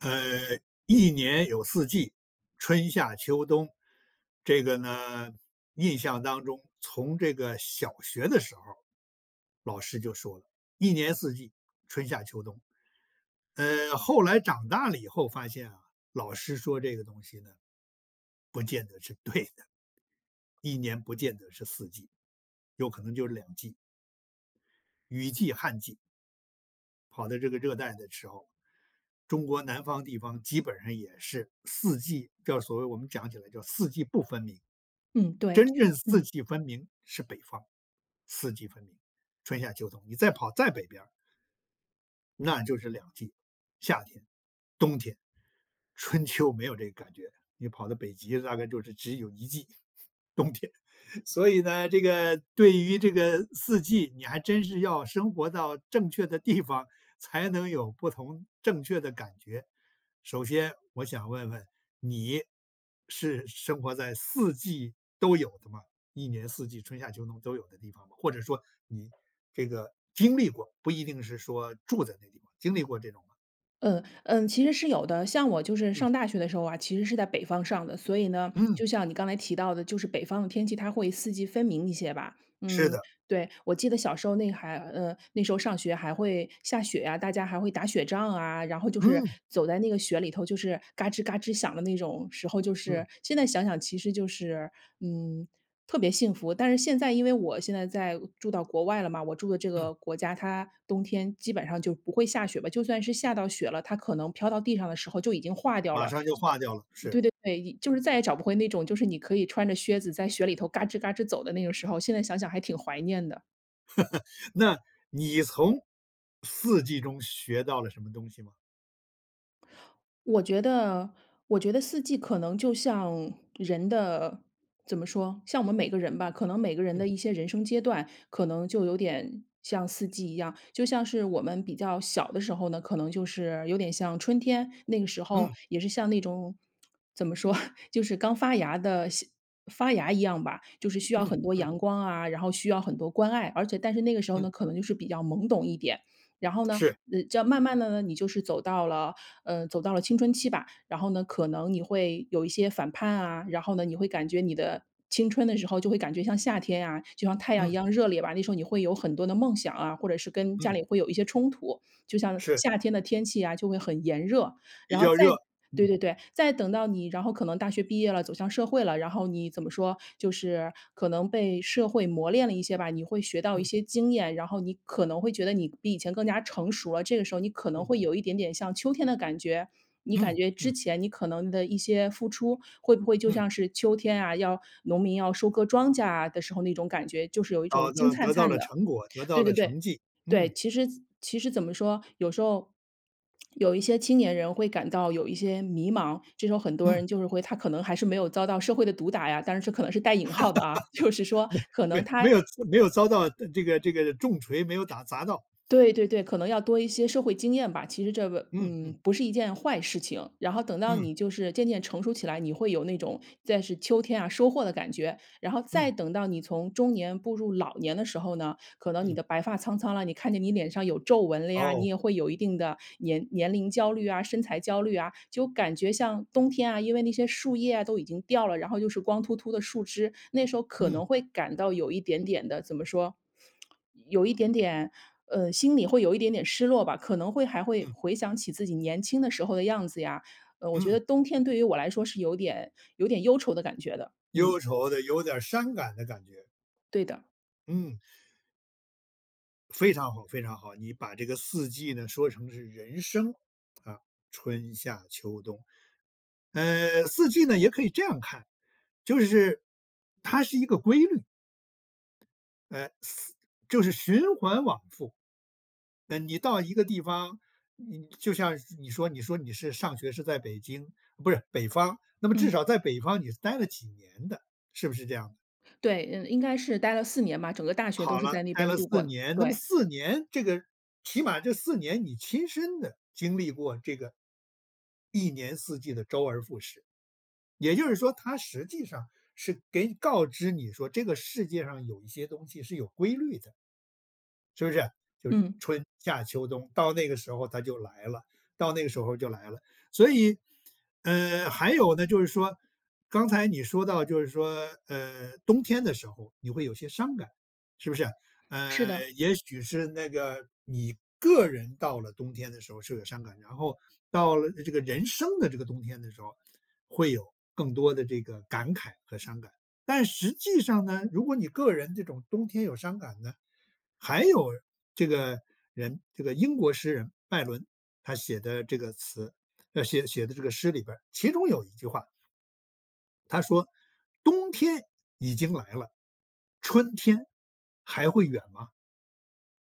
呃，一年有四季，春、夏、秋、冬。这个呢，印象当中从这个小学的时候，老师就说了，一年四季，春、夏、秋、冬。呃，后来长大了以后发现啊，老师说这个东西呢，不见得是对的。一年不见得是四季，有可能就是两季。雨季、旱季。跑到这个热带的时候，中国南方地方基本上也是四季，就是所谓我们讲起来叫四季不分明。嗯，对，真 [unintelligible] 正四嗯。季分明是北方，四季分明，春、夏、秋、冬。你再跑再北边儿那就是两季，夏天、冬天，春秋没有这个感觉。你跑到北极大概就是只有一季，冬天。所以呢，这个对于这个四季，你还真是要生活到正确的地方，才能有不同正确的感觉。首先我想问问，你是生活在四季都有的吗？一年四季，春、夏、秋、冬都有的地方？或者说你这个经历过，不一定是说住在那个地方，经历过这种吗？嗯，嗯，其实是有的。像我就是嗯。上大学的时候啊，其实是在北方上的，所以呢，嗯。就像你刚才提到的，就是北方的天气，它会四季分明一些吧，是嗯，的。对。我记得小时候那还呃，那时候上学还会下雪啊，大家还会打雪仗啊，然后就是嗯。走在那个雪里头就是嘎吱嘎吱响的那种时候，就是嗯。现在想想其实就是，嗯，特别幸福。但是现在因为我现在在住到国外了嘛，我住的这嗯。个国家，它冬天基本上就不会下雪吧，就算是下到雪了，它可能飘到地上的时候就已经化掉马了。上就化掉了，是。对对对，就是再也找不回那种就是你可以穿着靴子在雪里头嘎吱嘎吱走的那个时候，现在想想还挺怀念的。那你从四季中学到了什么东西吗？我觉得我觉得四季可能就像人的怎么说，像我们每个人吧，可能每个人嗯。的一些人生阶段，可能就有点像四季一样。就像是我们比较小的时候呢，可能就是，有点像春天，那个时候嗯。也是像那种 怎么说，就是刚发芽的新发芽一样吧，就是需要嗯，很多嗯。阳光啊，然后需要很多关爱，而且但是那个时候嗯。呢，可能就是比较懵懂一点。然后呢，是。呃，这样慢慢地呢，你就是走到了嗯，走到了青春期吧，然后呢，可能你会有一些反叛啊，然后呢，你会感觉你的青春的时候就会感觉像夏天啊，就像太阳一嗯。样热烈吧。那时候你会有很多的梦想啊，或者是跟家嗯。里会有一些冲突，就像是。夏天的天气啊，就会很炎热。比然后较再热。对嗯。对对，再等到你然后可能大学毕业了，走向社会了，然后你怎么说，就是可能被社会磨炼了一些吧，你会学到一嗯。些经验，然后你可能会觉得你比以前更加成熟了，这个时候你可能嗯。会有一点点像秋天的感觉。你感嗯。觉之嗯。前你可能的一些付出，会不会就嗯。像是秋天啊，要农民要收割庄稼啊的时候那种感觉，就是有一种哦，金哦，灿得到灿了的。成果，得到对了对对，成绩。对，嗯。其实其实怎么说，有时候 有一些青年人会感到有一些迷茫，这时候很多嗯。人就是会他可能还是没有遭到社会的毒打呀，但是这可能是带引号的啊，就是 说没可没能没他有 [unintelligible] 没有遭到这个这个重锤，没有打砸到。对对对，可能要多一些社会经验吧，其实这个嗯，嗯。嗯，不是一件坏事情，然后等到嗯。你就是渐渐成熟起来，你会有那种在是秋天啊，收获的感觉。然后嗯。再等到你从中年步入老年的时候呢，可能你嗯。的白发苍苍了，你看见你脸上有皱纹了呀，你哦。也会有一定的年年龄焦虑啊、身材焦虑啊。就感觉像冬天啊，因为那些树叶啊，都已经掉了，然后又是光秃秃的树枝，那时候可嗯。能会感到有一点点的，怎么说？有一点点呃，心里会有一点点失落吧，可能会还会嗯。回想起自己年轻的时候的样子呀。呃，我觉嗯。得冬天对于我来说是有点有点忧愁的感觉的，嗯。忧愁的，有点儿伤感的感觉。对的。嗯。非常好非常好，你把这个四季呢说成是人生啊，春、夏、秋、冬。呃，四季呢，也可以这样看，就是它是一个规律。呃，4就是循环往复。那你到一个地方，你就像你说你说你是上学是在北京，不是，北方，那么至嗯。少在北方你是待了几年的，是不是这样的？对，嗯，应该是待了4年吧，整个大学都好是了，在那呆边儿了度4过，年。那么对。4年这个起码这4年你亲身的经历过这个一年四季的周而复始。也就是说它实际上是给你告知你说这个世界上有一些东西是有规律的。是不是？就是嗯。春、夏、秋、冬，到那个时候它就来了到那个时候就来了。所以，嗯，还有呢就是说刚才你说到就是说，呃，冬天的时候你会有些伤感，是不是？是的。呃，也许是那个你个人到了冬天的时候是有伤感，然后到了这个人生的这个冬天的时候会有更多的这个感慨和伤感。但实际上呢，如果你个人这种冬天有伤感呢，还有这个人，这个英国诗人拜伦，他写的这个词，呃，写写的这个诗里边儿，其中有一句话他说：“冬天已经来了，春天还会远吗？”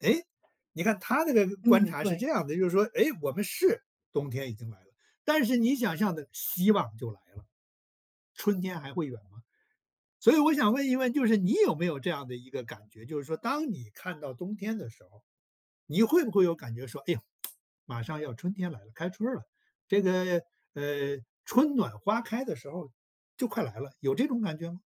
诶，你看他这个观嗯，察是这对。样儿的，就是说，诶，我们是冬天已经来了，但是你想象的希望就来了。春天还会远吗？所以我想问一问，就是你有没有这样的一个感觉？就是说当你看到冬天的时候，你会不会有感觉说，哎呀，马上要春天来了，开春儿了，这个，呃，春暖花开的时候就快来了，有这种感觉吗？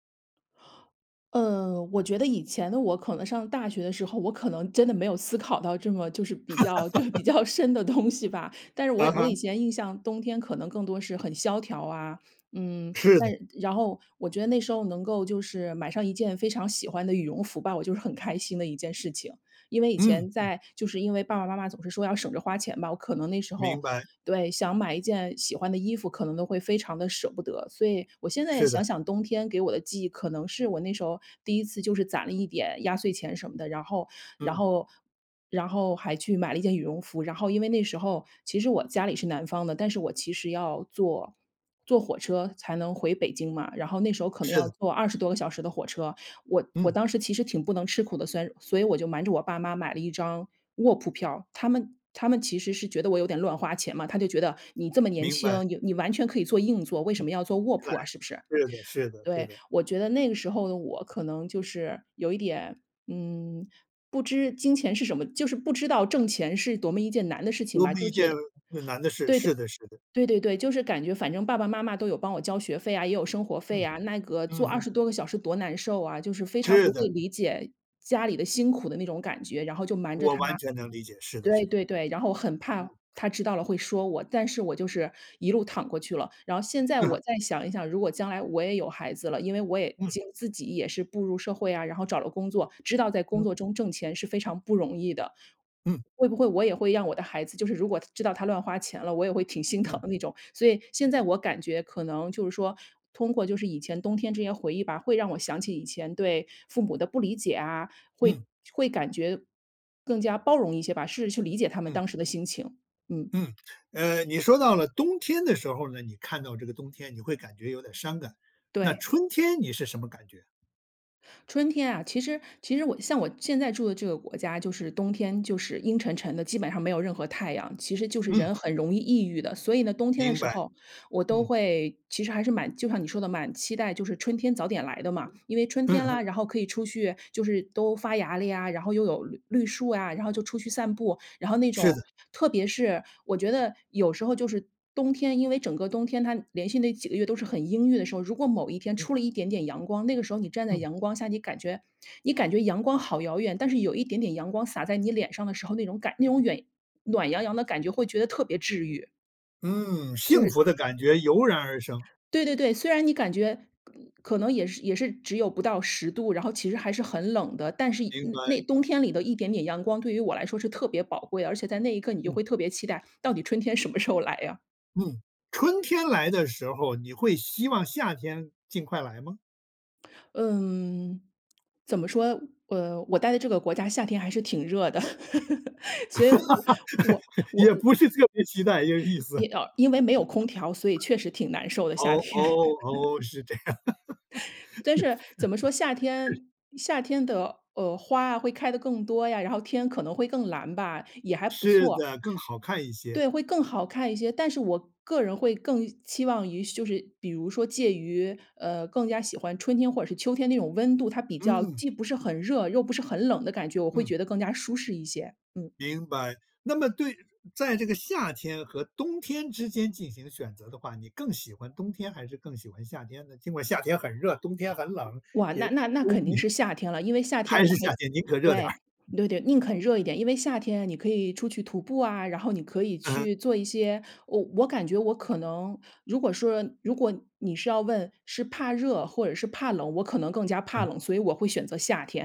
嗯，我觉得以前的我，可能上大学的时候，我可能真的没有思考到这么就是比较就是比较 深的东西吧。但是我嗯我以哼。前印象冬天可能更多是很萧条啊，嗯，是但的。然后，我觉得那时候能够就是买上一件非常喜欢的羽绒服吧，我就是很开心的一件事情。因为以嗯，前嗯。在就是因为爸爸妈妈总是说要省着花钱吧，我可能那时候明白。对，想买一件喜欢的衣服，可能都会非常地舍不得。所以我现在是想的。想，冬天给我的记忆可能是我那时候第1次就是攒了一点压岁钱什么的，然后然嗯。后然后还去买了一件羽绒服。然后因为那时候其实我家里是南方的，但是我其实要坐坐火车才能回北京嘛，然后那时候可能是的。要坐20多个小时的火车。我我嗯。当时其实挺不能吃苦的，所以所以我就瞒着我爸妈买了一张卧铺票。他们他们其实是觉得我有点乱花钱嘛，他就觉得你这么年明白。轻，你你完全可以坐硬座，为什嗯。么要坐卧对，铺啊，是不是？是的是的是对，的。我觉得那个时候的我可能就是有一点，嗯，不知金钱是什么，就是不知道挣钱是多么一件难的事情多吧，么就一觉件得很难的事。对对，是的是的。对对对，就是感觉反正爸爸妈妈都有帮我交学费啊，也有生活费嗯。啊，那个嗯坐二哼。十多个小时多难受啊。就是非常是不的。会理解家里的辛苦的那种感觉，然后就瞒着我他完全能理解。是的是对的。对对。然后我很嗯。怕他知道了会说我。但是我就是一路躺过去了，然后现在嗯哼。我再想一想，如果将来我也有孩子了，因为我也嗯。就自己也是步入社会啊，然后找了工作，知道在工嗯。作中挣钱是非常不容易的。嗯。会不会我也会让我的孩子，就是如果知道他乱花钱了，我也会挺心疼嗯。的那种。所以现在我感觉可能就是说通过就是以前冬天这些回忆吧，会让我想起以前对父母的不理解啊，嗯。会会感觉更加包容一些吧，试着去理解他们嗯。当时的心情，嗯。嗯，呃，你说到了冬天的时候呢，你看到这个冬天你会感觉有点伤感，那对。春天你是什么感觉？春天啊，其实其实我像我现在住的这个国家，就是冬天就是阴沉沉的，基本上没有任何太阳。其实就是嗯。人很容易抑郁的，所以呢，冬天的明时白，候我都嗯。会其实还是蛮就像你说的，蛮期待就是春天早点来的嘛。因为春嗯天哼。啦，然后可以出去就是都发芽了呀，然后又有绿绿树啊。然后就出去散步，然后那是的。种特别是我觉得有时候就是冬天因为整个冬天它连续那几个月都是很阴郁的时候，如果某一天嗯。出了一点点阳光，那个时候你站在嗯。阳光下，你感觉你感觉阳光好遥远，但是有一点点阳光洒在你脸上的时候，那种感那种远暖洋洋的感觉会觉得特别治愈。嗯，就幸是福的感觉油然而生。对对对。虽然你感觉可能也是也是只有不到10度，然后其实还是很冷的，但是一明白。那冬天里的一点点阳光对于我来说是特别宝贵，而且在那一刻你就嗯。会特别期待，到底春天什么时候来呀。嗯，春天来的时候，你会希望夏天尽快来吗？嗯，怎么说，呃，我待的这个国家夏天还是挺热的。所以我我 我也我不是特别期待，这意思。因哦，因为没有空调，所以确实挺难受的，夏哦，哦，天。哦，是这样。但是怎么说，夏 天夏天的，呃，花啊，会开得更多呀，然后天可能会更蓝吧，也还不是错。的，更好看一些。对，会更好看一些，但是我个人会更期望于就是比如说介于呃，更加喜欢春天或者是秋天那种温度，它比较嗯。既不是很热，又不是很冷的感觉，我会嗯。觉得更加舒适一些。嗯。明白，那么对在这个夏天和冬天之间进行选择的话，你更喜欢冬天还是更喜欢夏天呢？尽管夏天很热，冬天很冷，哇，那那那肯定也 [unintelligible] 是夏天了，因为夏天还我是还夏天，宁可热点儿。对，对对，宁肯热一点。因为夏天啊，你可以出去徒步啊，然后你可以嗯哼。去做一些我我感觉我可能如果说如果你是要问：“是怕热或者是怕冷？”我可能更加怕嗯。冷，所以我会选择夏天。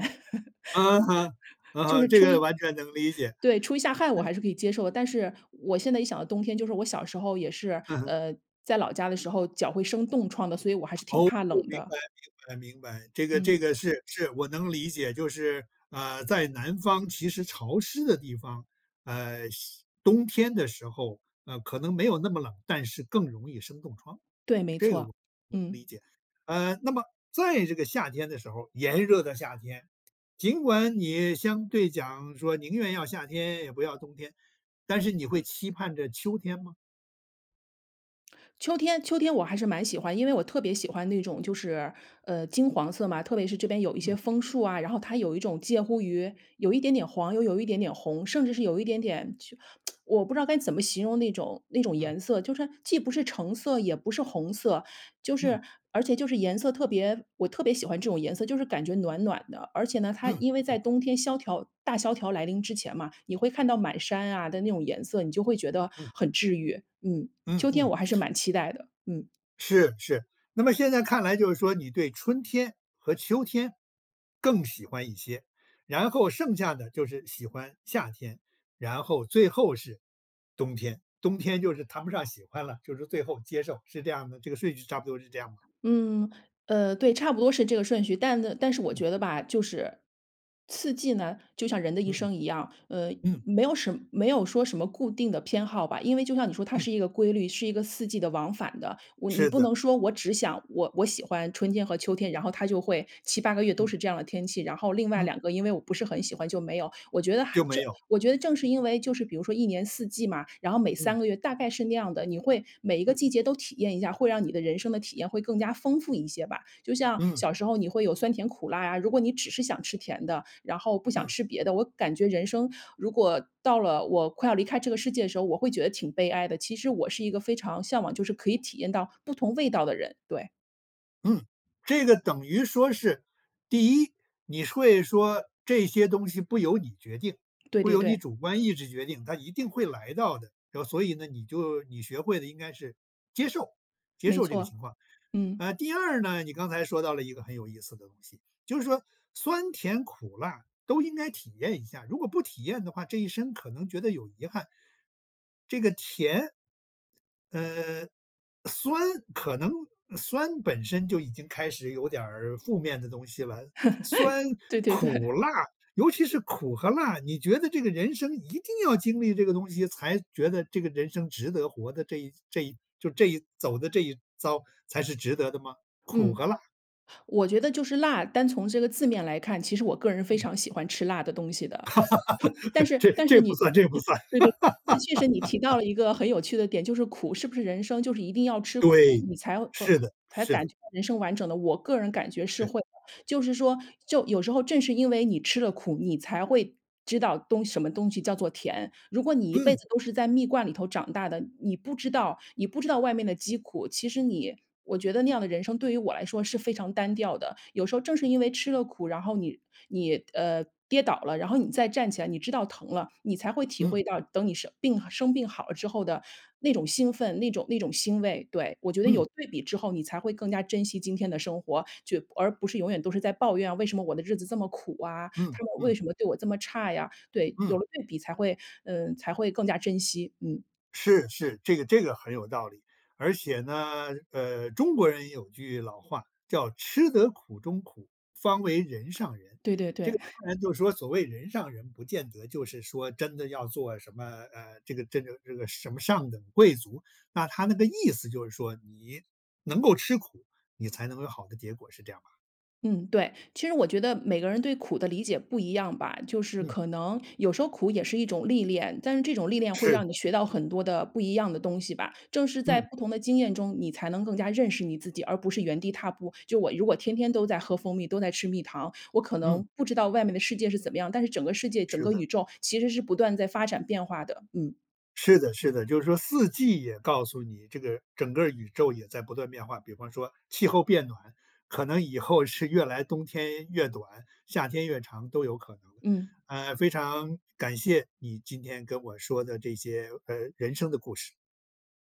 嗯哼，嗯哼，这个完全能理 解。就是出一对，出一下汗我嗯。还是可以接受的，但是我现在一想到冬天就是我小时候也是，嗯哼。呃，在老家的时候脚会生冻疮的，所以我还是挺哦，怕冷明的。白明白明白。这个嗯。这个是是，我能理解，就是，啊，在南方其实潮湿的地方，呃，湿冬天的时候，呃，可能没有那么冷，但是更容易生冻疮。对，没这个错，我我嗯。理解。呃，那么在这个夏天的时候儿，炎热的夏天，尽管你相对讲说：“宁愿要夏天也不要冬天”，但是你会期盼着秋天吗？秋天秋天我还是蛮喜欢，因为我特别喜欢那种就是，呃，金黄色嘛，特别是这边有一些嗯。枫树啊，然后它有一种介乎于，有一点点黄，又有一点点红，甚至是有一点点，就 我不知道该怎么形容那种那种嗯。颜色，就是既不是橙色也不是红色。就嗯。是而且就是颜色特别我特别喜欢这种颜色，就是感觉暖暖的。而且呢，它嗯因为嗯。在冬天萧条大萧条来临之前嘛，你会看到满山啊的那种颜色，你就会觉得嗯。很治愈，嗯。嗯秋天嗯。我还是蛮期待的，嗯。是，是。那么现在看来就是说，你对春天和秋天，更喜欢一些，然后剩下的就是喜欢夏天，然后最后是冬天。冬天就是谈不上喜欢了，就是最后接受是这样的，这个顺序差不多是这样的。嗯，呃，对，差不多是这个顺序。但但是我嗯。觉得吧，就是四季呢，就像人的一嗯。生一样，呃，嗯。没有什么，没有说什么固定的偏好吧。因为就像你说它嗯。是一个规律，是一个四季的，往返的。我你是不的。能说我只想我我喜欢春天和秋天，然后它就会，7-8个月都嗯。是这样的天气，然后另外嗯。2个，因为我不是很喜欢就没有。我觉得还就没这有。我觉得正是因为就是，比如说一年四季嘛，然后每嗯。3个月大概是那样的，你会每一个嗯。季节都体验一下，会让你的人生的体验会更加丰富一些吧。就像嗯。小时候，你会有酸甜苦辣呀，如果你只是想吃甜的，然后不想嗯。吃别的，我感觉人生，如果到了我快要离开这个世界的时候，我会觉得挺悲哀的。其实我是一个非常向往，就是可以体验到不同味道的人，对。嗯，这个等于说是第一，你会说这些东西不由你决定对不对由你对。主观意志决定，它一定会来到的，这所以呢，你就你学会了应该是接受接没受这个错，情况。嗯。啊，第二呢，你刚才说到了一个很有意思的东西，就是说酸甜苦辣都应该体验一下，如果不体验的话，这一生可能觉得有遗憾。这个甜嗯酸可能酸本身就已经开始有点儿负面的东西了，酸、对对对。苦、辣，尤其是苦和辣，你觉得这个人生一定要经历这个东西才觉得这个人生值得活的，这一这一就这一走的这一遭才是值得的吗？苦嗯，和辣。我觉得就是辣，单从这个字面来看，其实我个人非嗯。常喜欢吃辣的东西的，但 是这但是这不你算这不算。对对，确实你提到 了一个很有趣的点，就是苦是不是人生就是一定要吃苦，对，你才会是的，才是感的。觉人生完整的，我个人感觉是对。会，就是说就有时候正是因为你吃了苦，你才会知道东什么东西叫做甜。如果你一辈嗯！子都是在蜜罐里头长大的，你不知道你不知道外面的饥苦。其实你我觉得那样的人生对于我来说是非常单调的，有时候正是因为吃了苦，然后你你呃，跌倒了，然后你再站起来，你知道疼了，你才会体嗯。会到等你生病生病好了之后的那种兴奋，那种那种欣慰。对，我觉得嗯。有对比之后，你才会更加珍惜今天的生活，去而不是永远都是在抱怨，为什么我的日子这么苦啊，嗯，他们为嗯。什么对我这么差呀，对，有嗯。了对比才会嗯，才会更加珍惜，嗯。是，是，这个这个很有道理，而且呢，呃，中国人有句老话叫“吃得苦中苦，方为人上人”，对对这对。个 当然就说所谓“人上人”，不见得就是说真的要做什么，呃，这个这个这个什么上等贵族，那它那个意思就是说你能够吃苦，你才能有好的结果，是这样吧？嗯，对，其实我觉得每个人对苦的理解不一样吧，就是嗯。可能有时候苦也是一种历练，但是这种历练会是让你的。学到很多的不一样的东西吧，正是在嗯。不同的经验中，你才能更加认识你自己，而不是原地踏步。就我如果天天都在喝蜂蜜，都在吃蜜糖，我可嗯。能不知道外面的世界是怎么样，但是整个世界、整是个的。宇宙其实是不断在发展变化的，嗯。是的是的，就是说四季也告诉你，这个整个宇宙也在不断变化，比方说气候变暖，可能以后是越来冬天越短，夏天越长都有可能，嗯。呃，非常感谢你今天跟我说的这些，呃，人生的故事。